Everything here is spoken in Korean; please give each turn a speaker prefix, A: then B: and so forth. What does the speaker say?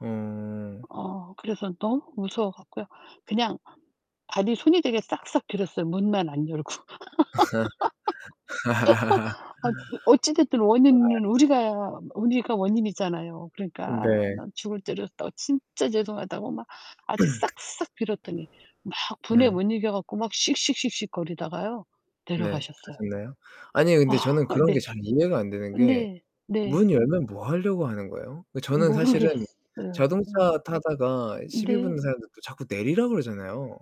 A: 음.
B: 어 그래서 너무 무서워 갖고요. 그냥 발이 손이 되게 싹싹 빌었어요 문만 안 열고. 아 어찌됐든
A: 정말
B: 원인은 우리가 우리가 원인이잖아요.
A: 음
B: 그러니까
A: 네.
B: 난 죽을 죄를 졌다고 진짜 죄송하다고 막 아주 싹싹 빌었더니 막 분에
A: 네.
B: 못 이겨 갖고 막 씩씩씩씩거리다가요
A: 네.
B: 내려가셨어요.
A: 가셨나요? 아니 근데 저는 그런 게
B: 네.
A: 잘 이해가 안 되는 게
B: 네.
A: 문
B: 네.
A: 열면 뭐 하려고 하는 거예요? 그 저는 사실은
B: 모르겠어요.
A: 자동차
B: 음.
A: 타다가 시비
B: 네.
A: 붙는 사람들 또 자꾸 내리라고 그러잖아요.